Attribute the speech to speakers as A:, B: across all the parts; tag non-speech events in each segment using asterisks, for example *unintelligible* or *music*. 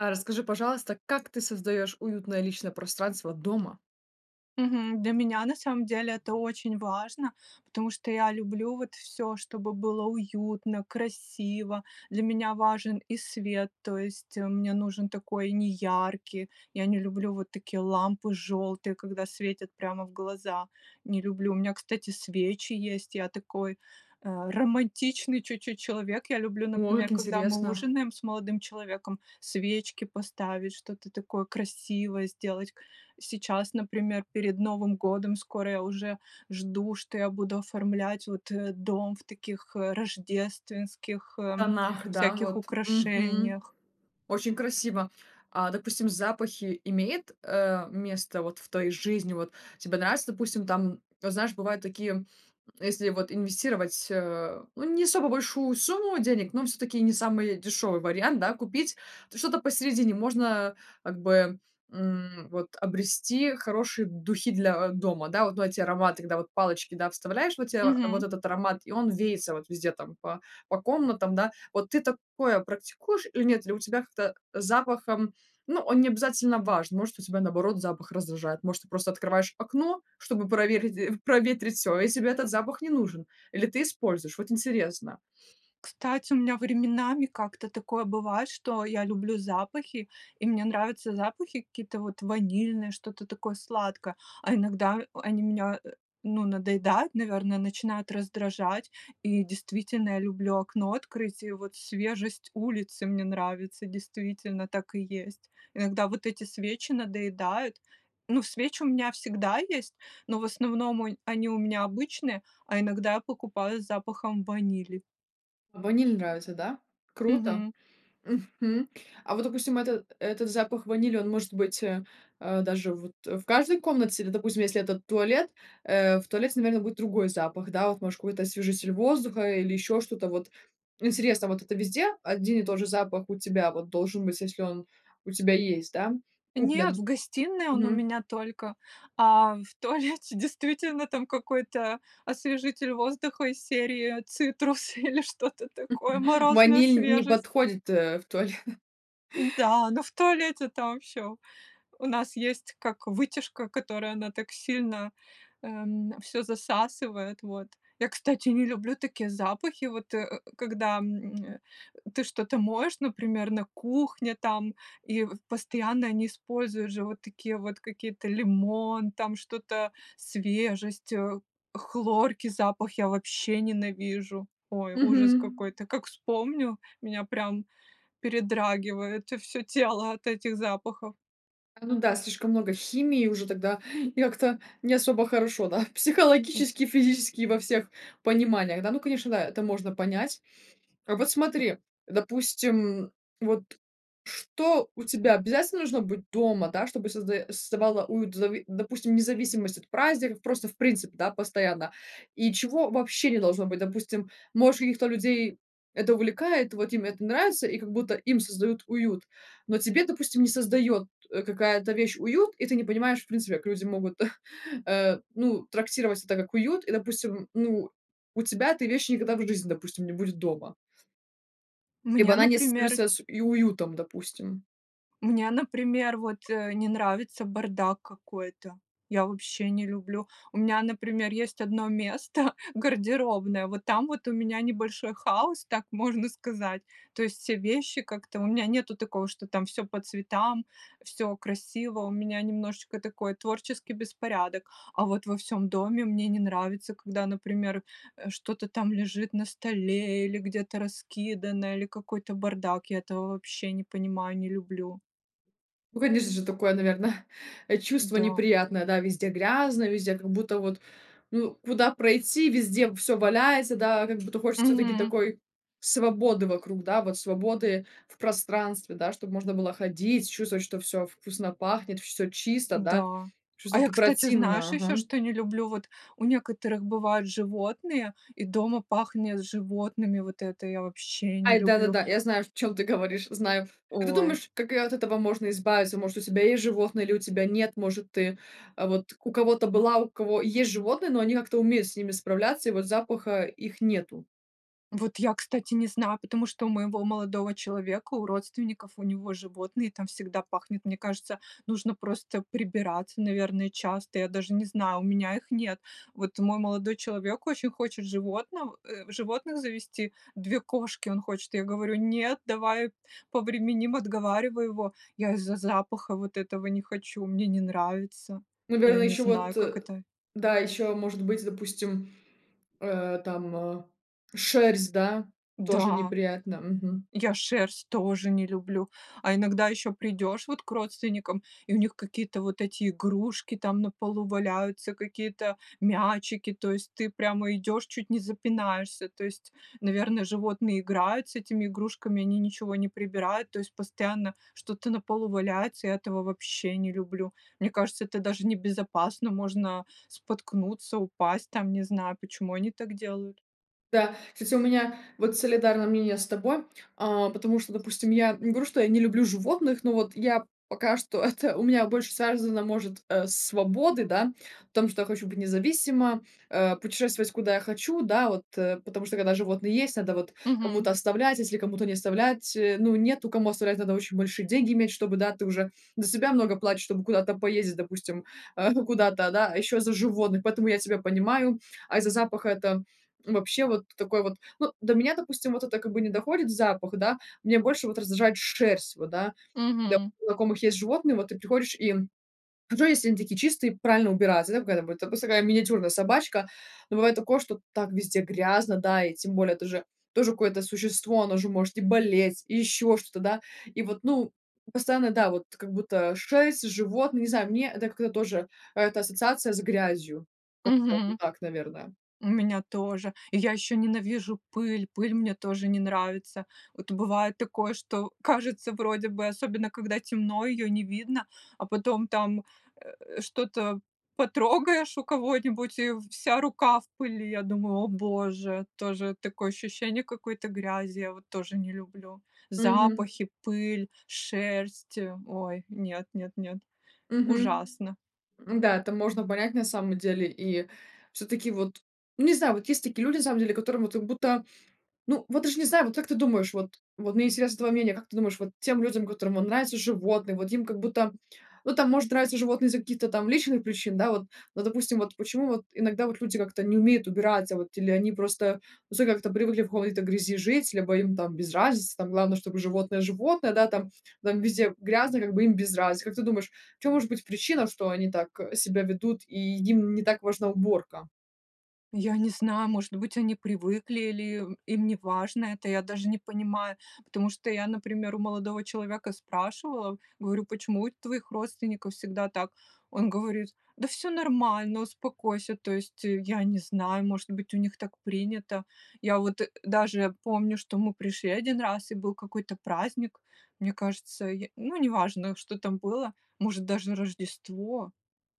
A: Э, расскажи, пожалуйста, как ты создаёшь уютное личное пространство дома?
B: Мгм. Для меня на самом деле это очень важно, потому что я люблю вот всё, чтобы было уютно, красиво. Для меня важен и свет, то есть мне нужен такой неяркий, я не люблю вот такие лампы желтые, когда светят прямо в глаза,- не люблю. У меня, кстати, свечи есть, я такой, э, романтичный чуть-чуть человек. Я люблю,
A: О,
B: например,
A: как
B: когда мы
A: интересно!
B: ужинаем с молодым человеком, свечки поставить, что-то такое красивое сделать. Сейчас, например, перед Новым годом, скоро я уже жду, что я буду оформлять вот, э, дом в таких, э, рождественских, эм,
A: Тонах, да,
B: всяких
A: вот. Мгм.
B: украшениях.
A: Очень красиво! А, допустим, запахи имеют, э, место вот в твоей жизни? Вот тебе нравится, допустим, там, вот, знаешь, бывают такие, если вот инвестировать, э, ну, не особо большую сумму денег, но всё-таки не самый дешевый вариант, да, купить, то что-то посередине можно как бы, м, вот обрести хорошие духи для, э, дома. Да, вот, ну, эти ароматы, когда вот палочки, да, вставляешь, вот те вот
B: Мгм.
A: этот аромат, и он веется вот везде там по по комнатам, да. Вот ты такое практикуешь или нет? Или у тебя как-то запахом, ну, он не обязательно важен, может, у тебя наоборот запах раздражает, может, просто открываешь окно, чтобы проверить проветрить всё, и тебе этот запах не нужен, или ты используешь. Вот интересно.
B: Кстати, у меня временами как-то такое бывает, что я люблю запахи, и мне нравятся запахи какие-то вот ванильное, что-то такое сладкое, а иногда а они меня, э, ну, надоедают, наверное, начинают раздражать. И действительно, я люблю окно открыть, и вот свежесть улицы мне нравится. Действительно, так и есть. Иногда вот эти свечи надоедают. Ну, свечи у меня всегда есть, но в основном онь они у меня обычные, а иногда я покупаю с запахом ванили.
A: Ваниль нравится, да? Круто.
B: Мгм.
A: Мгм. А вот, допустим, это этот запах ванили, он может быть, э, а, даже вот в каждой комнате, или, допустим, если этот туалет, э, в туалете, наверно, будет другой запах, да. Вот, может, какой-то освежитель воздуха или еще что-то, вот интересно, вот это везде один и тот же запах у тебя вот должен быть, если он у тебя есть, да,
B: Нет,
A: куплен?
B: в гостиной он у
A: Мгм.
B: меня только. А в туалете действительно там какой-то освежитель воздуха из серии "Цитрусы" или что-то такое,
A: *chuckles*
B: "Морозная
A: Ваниль не
B: свежесть".
A: подходит, э, в туале *chuckles*
B: Да, но в туалете там всё у нас есть как вытяжка, которая она так сильно, эм, всё засасывает, вот. Я, кстати, не люблю такие запахи, вот, э, когда, м, ты что-то моешь, например, на кухне там, и постоянно они используют же вот такие вот какие-то лимон, там что-то свежесть, э, хлорки запах я вообще ненавижу! Ой, ужас
A: Мгм.
B: какой-то! Как вспомню, меня прям передрагивает всё тело от этих запахов.
A: А, ну да, слишком много химии уже тогда, и как-то не особо хорошо, да,
B: М.
A: психологически и физически и во всех пониманиях. Да, ну конечно, да, это можно понять. Вот
B: М.
A: смотри, допустим, вот что у тебя обязательно должно быть дома, да, чтобы создаё создавала уют, в зави допустим, независимость от праздников, просто в принципе, да, постоянно, и чего вообще не должно быть? Допустим, может, каких-то людей это увлекает, вот им это нравится, и как будто им создают уют, но тебе, допустим, не создает, э, какая-то вещь уют, и ты не понимаешь в принципе, как люди могут, *chuckles* э, ну, трактировать это как уют. И, допустим, ну, у тебя этой вещи никогда в жизни, допустим, не будет дома. Либо
B: Мне,
A: она не
B: например
A: ассоциируется с и уютом, допустим.
B: Мне, например, вот, э, не нравится бардак какой-то, я вообще не люблю. У меня, например, есть одно место, гардеробная, вот там вот у меня небольшой хаос, так можно сказать, то есть все вещи как-то, у меня нету такого, что там всё по цветам, всё красиво, у меня немножечко такой творческий беспорядок. А вот во всём доме мне не нравится, когда, например, э, что-то там лежит на столе или где-то раскидано, или какой-то бардак, я этого вообще не понимаю, не люблю.
A: Ну, конечно же, такое, наверно, *chuckles* э, чувство
B: Да.
A: неприятное, да, везде грязно, везде как будто вот, ну, куда пройти, везде всё валяется, да? Как будто хочется всё-таки
B: Мгм.
A: такой свободы вокруг, да, вот, свободы в пространстве, да, чтоб можно было ходить, чувствовать, что всё вкусно пахнет, всё чисто, да.
B: Да. А я,
A: Шось-таки
B: кстати,
A: противно,
B: знаешь еще,
A: ага.
B: что не люблю? Вот у некоторых бывают животные, и дома пахнет животными, вот это я вообще не
A: Ай,
B: люблю!
A: да-да-да, я знаю, в чём ты говоришь, знаю. А ты
B: Ой.
A: думаешь, как, э, от этого можно избавиться? Может, у тебя есть животные или у тебя нет? Может, ты, а, вот у кого-то была, у кого есть животные, но они как-то умеют с ними справляться, и вот запаха их нету?
B: Вот я, кстати, не знаю, потому что у моего молодого человека, у родственников, у него животные, там всегда пахнет. Мне кажется, нужно просто прибираться, наверное, часто, я даже не знаю, у меня их нет. Вот мой молодой человек очень хочет животнов животных завести, 2 кошки он хочет. Я говорю: "Нет, давай повременим!" Отговариваю его. Я из-за запаха вот этого не хочу, мне не нравится. Я
A: Наверно,
B: не
A: ещё
B: знаю,
A: вот
B: как
A: э,
B: это.
A: да, ещё может быть, допустим, э, там, э, шерсть, да, тоже
B: Да!
A: неприятно. Мгм.
B: Я шерсть тоже не люблю. А иногда еще придешь вот к родственникам, и у них какие-то вот эти игрушки там на полу валяются, какие-то мячики. То есть ты прямо идешь, чуть не запинаешься, то есть, наверно, животные играют с этими игрушками. Они ничего не прибирают. То есть постоянно что-то на полу валяется, я этого вообще не люблю. Мне кажется, это даже небезопасно, можно споткнуться, упасть, там, не знаю. Почему они так делают?
A: Да, кстати, у меня вот солидарное мнение с тобой. А, потому что, допустим, я не говорю, что я не люблю животных, но вот я пока что это у меня больше связано, может, э, с свободой, да, в том, что я хочу быть независима, э, путешествовать, куда я хочу. Да, вот, э, потому что, когда животные есть, надо вот, э,
B: Мгм.
A: кому-то оставлять, если кому-то не оставлять, э, ну, нету кому оставлять, надо очень большие деньги иметь. Чтобы, да, ты уже за себя много платишь, чтобы куда-то поездить, допустим, а, ну, куда-то, да, а еще за животных. Поэтому я тебя понимаю. А из-за запаха это, м, вообще вот такой вот. Ну, до меня, допустим, вот это как бы не доходит запах, да. Мне больше вот раздражает шерсть, вот, да. Да,
B: Мгм.
A: у знакомых есть животные, вот ты приходишь, и, хорошо, если они такие чистые, и правильно убираться, да, какая там вот. Допустим, такая миниатюрная собачка. Ну, бывает такое, что так везде грязно, да, и тем более тоже тоже какое-то существо, оно же может и болеть, и еще что-то, да. И вот, ну, постоянно, да, вот как будто шерсть, животные, ну, не знаю, мне это как-то тоже, а, это ассоциация с грязью. Как-то вот
B: Мгм.
A: так, наверно.
B: У меня тоже. И я еще ненавижу пыль, пыль мне тоже не нравится. Вот бывает такое, что кажется, вроде бы, особенно когда темно, ее не видно, а потом там, э, что-то потрогаешь у кого-нибудь, и вся рука в пыли. Я думаю: "О боже!" Тоже такое ощущение какой-то грязи, я вот тоже не люблю.
A: Мгм.
B: Запахи, пыль, шерсть- э, ой! Нет, нет, нет,
A: Мгм.
B: ужасно!
A: Ну да, это можно понять на самом деле. И всё-таки вот, ну не знаю, вот есть такие люди на самом деле, которым вот как будто, ну вот даже не знаю. Вот как ты думаешь? Вот вот мне интересно твое мнение: как ты думаешь, вот тем людям, которым вон нравятся животные, вот им как будто, ну, там, может, нравится животное из-за каких-то там личных причин, да, вот? Ну, допустим, вот почему вот иногда вот люди как-то не умеют убираться, вот, или они просто, ну, *unintelligible* как-то привыкли в хой-то грязи жить, либо им там без разницы там? Главное, чтобы животное, животное, да, там там везде грязно, как бы им без разницы. Как ты думаешь, в чём может быть причина, что они так, э, себя ведут и им не так важна уборка?
B: Я не знаю, может быть, они привыкли или им им неважно это, я даже не понимаю, потому что я, например, у молодого человека спрашивала, говорю: "Почему у твоих родственников всегда так?" Он говорит: "Да всё нормально, успокойся". То есть я не знаю, может быть, у них так принято. Я вот даже помню, что мы пришли 1 раз, и был какой-то праздник, мне кажется, й ну, неважно, что там было, может, даже Рождество,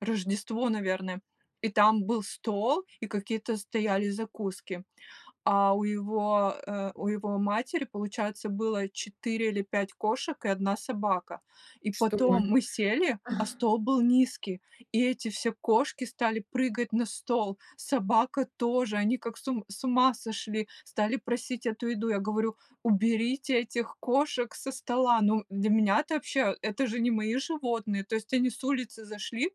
B: Рождество, наверное. И там был стол, и какие-то стояли закуски. А у его, э, у его матери, получается, было 4 или 5 кошек и 1 собака. И
A: Что
B: потом
A: мы?
B: мы сели, а стол был низкий, и эти все кошки стали прыгать на стол, собака тоже, они как с ум с ума сошли, стали просить эту еду! Я говорю: "Уберите этих кошек со стола!" Ну, для меня это вообще! Это же не мои животные! То есть они с улицы зашли,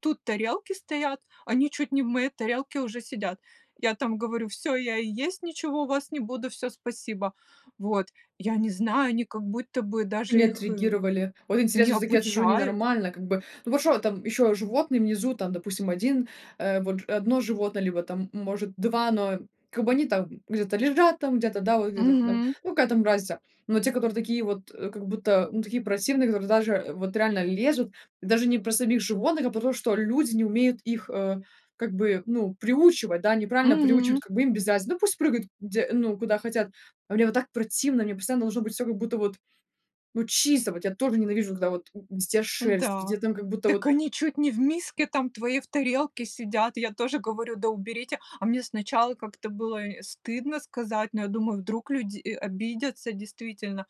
B: тут тарелки стоят, они чуть не в моей тарелке уже сидят. Я там говорю: "Всё, я и есть ничего у вас не буду, всё, спасибо!" Вот, я не знаю, они как будто бы
A: Они
B: даже их и
A: отреагировали. Вот
B: не
A: интересно, всё-таки я сижу
B: обучают.
A: ненормально как бы. Но вот что там ещё животные внизу, там, допустим, 1, э, вот 1 животное, либо там может 2, но как бы они там где-то лежат, там где-то, да, вот где-то там,
B: Мгм.
A: ну, какая там разница. Но те, которые такие вот, э, как будто, ну такие противные, которые даже вот реально лезут, даже не про самих животных, а потому что люди не умеют их, э, как бы, ну, приучивать, да, неправильно
B: Мгм.
A: приучивать, как бы им без разницы. Ну пусть прыгают где, ну, куда хотят, а мне вот так противно, мне постоянно должно быть всё как будто вот, ну, чисто вот, я тоже ненавижу, когда вот м м, везде шерсть, везде
B: Да,
A: там как будто
B: дак
A: вот
B: они чуть не в миске там, в твоей в тарелке сидят! Я тоже говорю: "Да уберите!" А мне сначала как-то было, э, стыдно сказать, но я думаю, вдруг люди, э, обидятся действительно.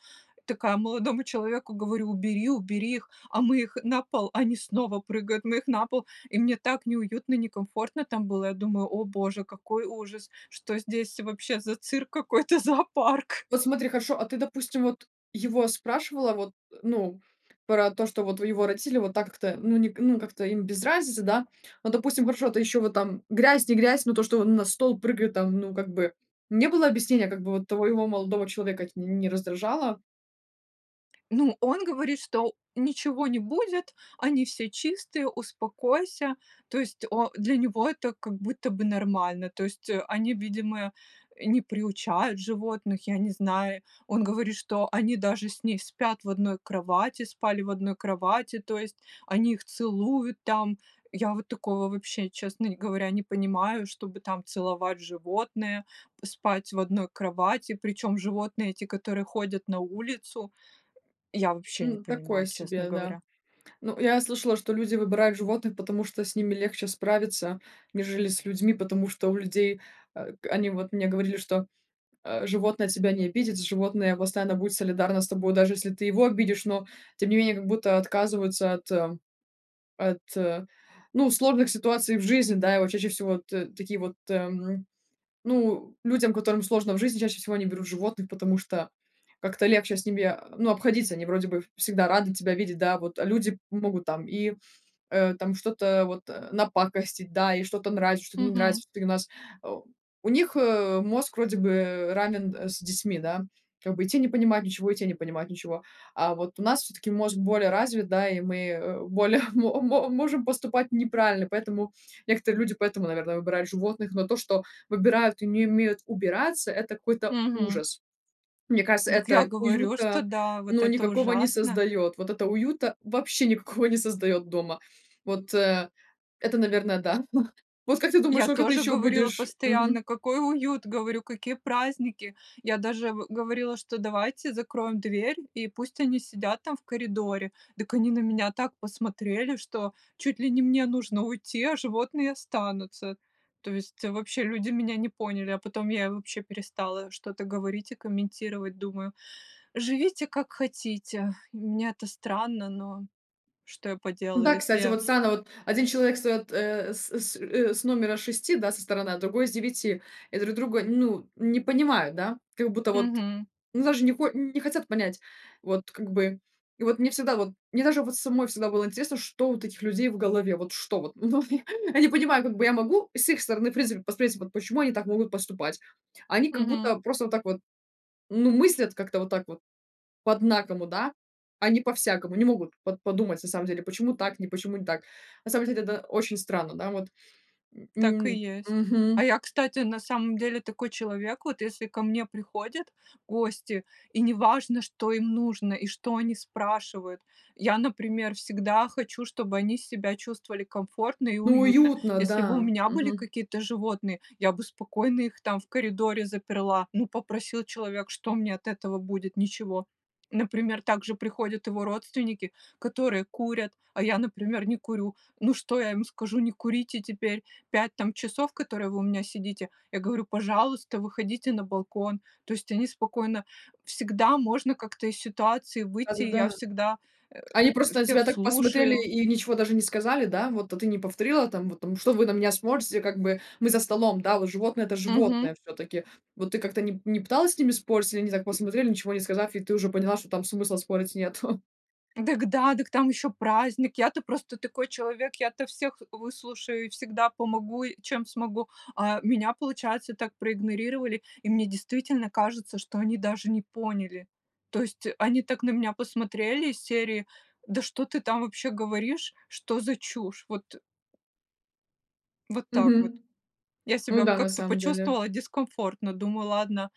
B: Такая молодому человеку говорю: "Убери, убери их!" А мы их на пол, они снова прыгают, мы их на пол, и мне так неуютно, некомфортно там было. Я думаю: "О Боже, какой ужас!" Что здесь вообще за цирк какой-то, зоопарк?
A: Вот смотри, хорошо, а ты, допустим, вот его спрашивала вот, ну, про то, что вот его родители вот так-то, ну, ни к ну, как-то им без разницы, да. Но, допустим, хорошо, это ещё вот там грязь не грязь, но то, что он на стол прыгает там, ну, как бы не было объяснения, как бы вот твоего молодого человека ть не раздражало?
B: Ну, он говорит, что ничего не будет, они все чистые, успокойся. То есть о для него это как будто бы нормально. То есть, э, они, видимо, э, не приучают животных, я не знаю. Он говорит, что они даже с ней спят в одной кровати, спали в одной кровати, то есть они их целуют там. Я вот такого вообще, честно говоря, не понимаю, чтобы там целовать животное, спать в одной кровати, причём животные эти, которые ходят на улицу, я вообще не
A: Ну, такое
B: понимаю, честно
A: себе, да.
B: говоря.
A: Ну, я слышала, что люди выбирают животных, потому что с ними легче справиться, нежели с людьми. Потому что у людей, э, к они вот мне говорили, что, э, животное тебя не обидит, животное постоянно будет солидарно с тобой, даже если ты его обидишь. Но тем не менее как будто отказываются от от, ну, сложных ситуаций в жизни, да. И вот чаще всего т такие вот, э, м, ну, людям, которым сложно в жизни, чаще всего они берут животных, потому что как-то легче с ними, а, ну, обходиться. Они вроде бы ф всегда рады тебя видеть, да. А вот люди могут там и, э, там что-то вот, э, напакостить, да, и что-то нравится, что-то не
B: Мгм.
A: нравится,. *unintelligible* Э, у них, э, мозг вроде бы ранен, э, с детьми, да. Как бы и те не понимают ничего, и те не понимать ничего. А вот у нас всё-таки мозг более развит, да, и мы, э, более *chuckles* мо мо можем поступать неправильно. Поэтому некоторые люди, поэтому, наверное, выбирают животных. Но то, что выбирают и не умеют убираться,- это какой-то
B: Мгм.
A: ужас. Мне кажется,
B: Дак, я
A: это
B: говорю, что
A: уюта,
B: да, вот
A: ну,
B: это
A: никакого не
B: ужасно!
A: создаёт, вот это уюта вообще никакого не создаёт дома. Вот это, наверно, да. *chuckles* Вот как ты думаешь,
B: Я
A: сколько ты
B: тоже
A: ещё
B: говорила
A: будешь
B: постоянно,
A: Мгм.
B: какой уют! Говорю, какие праздники! Я даже в говорила, что давайте закроем дверь, и пусть они сидят там в коридоре! Так они на меня так посмотрели, что чуть ли не мне нужно уйти, а животные останутся. То есть вообще люди меня не поняли, а потом я и вообще перестала что-то говорить и комментировать. Думаю, живите, как хотите. Для меня это странно, но что я поделаю,
A: Да,
B: если
A: кстати,
B: я
A: вот странно: вот один человек встаёт, э, с с, э, с номера 6, да, со стороны, а другой- с 9, и друг друга, ну, не понимают, да. Как будто вот,
B: Мгм.
A: ну, даже не хо не хотят понять. Вот как бы, и вот мне всегда, вот мне даже вот самой всегда было интересно, что вот у этих людей в голове. Вот что вот, ну, я не понимаю. Как бы я могу с их стороны, в принципе, посмотреть, вот почему они так могут поступать. А они как
B: Мгм.
A: будто просто вот так вот, ну, мыслят как-то вот так вот по-однакому, да. А не по-всякому, не могут вот по подумать на самом деле, почему так, не почему не так. На самом деле это очень странно, да. Вот, м
B: Так и
A: м.
B: есть. А
A: Мгм.
B: я, кстати, на самом деле такой человек. Вот если ко мне приходят гости, и не важно, что им нужно и что они спрашивают, я, например, всегда хочу, чтобы они себя чувствовали комфортно и
A: Ну,
B: уютно.
A: уютно,
B: Если бы у
A: да.
B: меня были
A: Мгм.
B: какие-то животные, я бы спокойно их там в коридоре заперла, ну, попросил человек, что мне от этого будет? Ничего. Например, также приходят его родственники, которые курят, а я, например, не курю. Ну, что я им скажу? Не курите теперь 5 там часов, которые вы у меня сидите. Я говорю: "Пожалуйста, выходите на балкон". То есть они спокойно всегда можно как-то из ситуации
A: Да,
B: выйти,
A: да,
B: и я
A: да.
B: всегда, э,
A: Они просто на тебя
B: всех
A: так посмотрели
B: слушаю.
A: и ничего даже не сказали, да? Вот, а ты не повторила там, вот там, что вы на меня смотрите, как бы, мы за столом, да, вот, животные- это
B: Мгм.
A: животные всё-таки. Вот, ты как-то ни не пыталась с ними спорить, или они так посмотрели, ничего не сказав, и ты уже поняла, что там смысла спорить нету? *chuckles*
B: Дак да, да к там ещё праздник, я-то просто такой человек, я-то всех выслушаю и всегда помогу, и чем смогу. А меня, получается, так проигнорировали, и мне действительно кажется, что они даже не поняли. То есть они так на меня посмотрели из серии: да что ты там вообще говоришь? Что за чушь! Вот, э Вот так вот.
A: Мгм.
B: Я
A: Ну
B: себя
A: да, на
B: как-то
A: самом деле.
B: почувствовала дискомфортно. Думаю, ладно,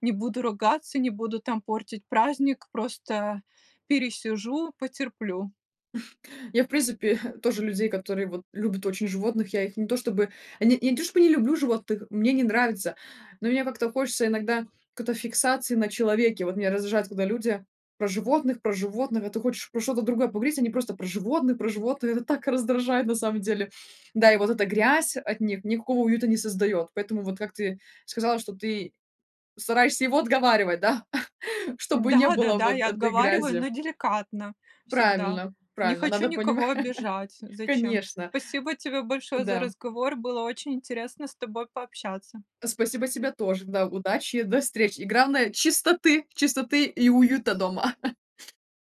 B: не буду ругаться, не буду там портить праздник, просто пересижу, потерплю.
A: *chuckles* Я, в принципе, *chuckles* тоже людей, которые вот любят очень животных. Я их не то чтобы не я то чтобы не люблю животных, мне они нравятся. Но мне как-то хочется иногда какой-то фиксации на человеке. Вот меня раздражает, когда люди про животных, про животных, а ты хочешь про что-то другое поговорить, они просто про животных, про животных, это так раздражает на самом деле. Да и вот эта грязь от них никакого уюта не создаёт, поэтому вот, как ты сказала, что ты стараешься его отговаривать, да, *chuckles* чтобы не было
B: Да-да-да,
A: вот
B: я
A: этой
B: отговариваю,
A: грязи.
B: но деликатно всегда.
A: Правильно,
B: Не
A: правильно
B: хочу
A: надо
B: никого
A: понимать,
B: обижать, зачем?
A: конечно.
B: Спасибо тебе большое за
A: Да.
B: разговор, было очень интересно с тобой пообщаться.
A: Спасибо тебе тоже, да. Удачи, до встречи и, главное, чистоты, чистоты и уюта дома. *laughs*